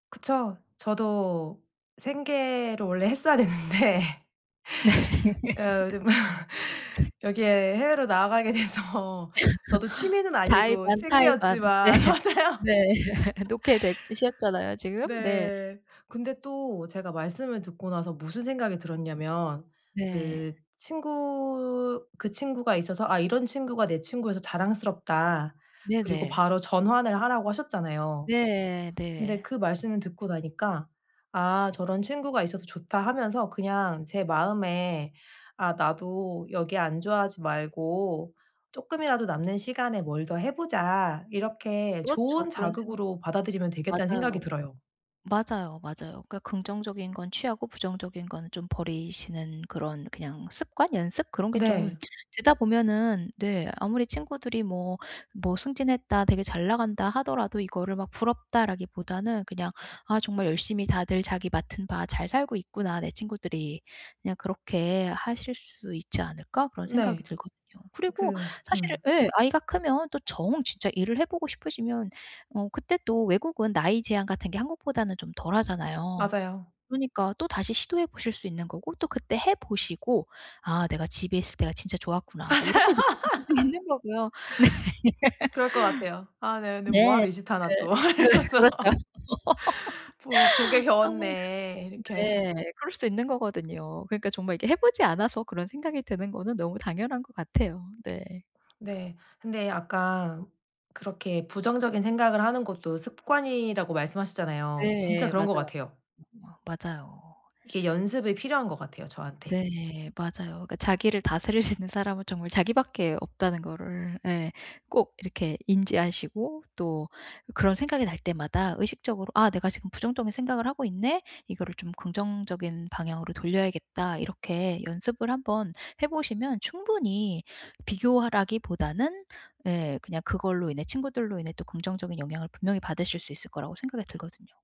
그쵸. 저도 생계로 원래 했어야 되는데. 네. 어 더 뭐 여기에 해외로 나가게 돼서 저도 취미는 자의 아니고 반 타의 반. 네. 생계였지만 맞아요. 네. 놓게 됐 셨잖아요 지금? 네. 네. 근데 또 제가 말씀을 듣고 나서 무슨 생각이 들었냐면 네. 그 친구, 그 친구가 있어서 '아 이런 친구가 내 친구여서 자랑스럽다.' 그리고 네네. 바로 전환을 하라고 하셨잖아요. 네. 근데 네. 그 말씀을 듣고 나니까 '아. 저런 친구가 있어서 좋다.' 하면서 그냥 제 마음에 '아. 나도 여기 안주하지 말고 쪼끔이라도 남는 시간에 뭘 더 해 보자.' 이렇게 그렇죠. '좋은 그런 생 자극으로 받아들이면 되겠다.'는 생각이 맞아요. 들어요. 맞아요, 맞아요. 그러니까 긍정적인 건 취하고 부정적인 건 좀 버리시는 그런 그냥 습관? 연습? 그런 게 좀 네. 되다 보면은 네 아무리 친구들이 뭐 뭐 "승진했다. 되게 잘 나간다." 하더라도 이거를 막 '부럽다.'라기보다는 그냥 '아. 정말 열심히 다들 자기 맡은 바 잘 살고 있구나 내 친구들이.' 그냥 그렇게 하실 수 있지 않을까? 그런 생각이 네. 들거든요. 그리고 그 사실 음. 예 아이가 크면 또 정 진짜 일을 해 보고 싶으시면 어 그때 또 외국은 나이 제한 같은 게 한국보다는 좀 덜 하잖아요. 맞아요. 그러니까 또 다시 시도해 보실 수 있는 거고 또 그때 해 보시고 '아. 내가 집에 있을 때가 진짜 맞아요. 좋았구나.' 또 이렇게 느끼실 수도 있는 거고요. 네. 그럴 것 같아요. '아 내가 근데 뭐 네. 하러 이 짓 그 하나.' 또 그 이러면서. 그렇죠. '보 복에 아 겨웠네.' 이렇게 네. 그럴 수도 있는 거거든요. 그러니까 정말 이게 해 보지 않아서 그런 생각이 드는 거는 너무 당연한 것 같아요. 네. 네. 근데 아까 그렇게 '부정적인 생각을 하는 것도 습관.'이라고 말씀하셨잖아요. 진짜 네. 그런 것 맞아요. 같아요. 어 맞아요. 이게 연습이 필요한 것 같아요 저한테. 네. 맞아요. 그러니까 '자기를 다스릴 수 있는 사람은 정말 자기밖에 없다.'는 거를 예. 꼭 이렇게 인지하시고 또 그런 생각이 날 때마다 의식적으로 '아 내가 지금 부정적인 생각을 하고 있네. 이거를 좀 긍정적인 방향으로 돌려야겠다.' 이렇게 연습을 한번 해 보시면 충분히 비교하라기 보다는 예 그냥 그걸로 인해 친구들로 인해 또 긍정적인 영향을 분명히 받으실 수 있을 거라고 생각이 들거든요.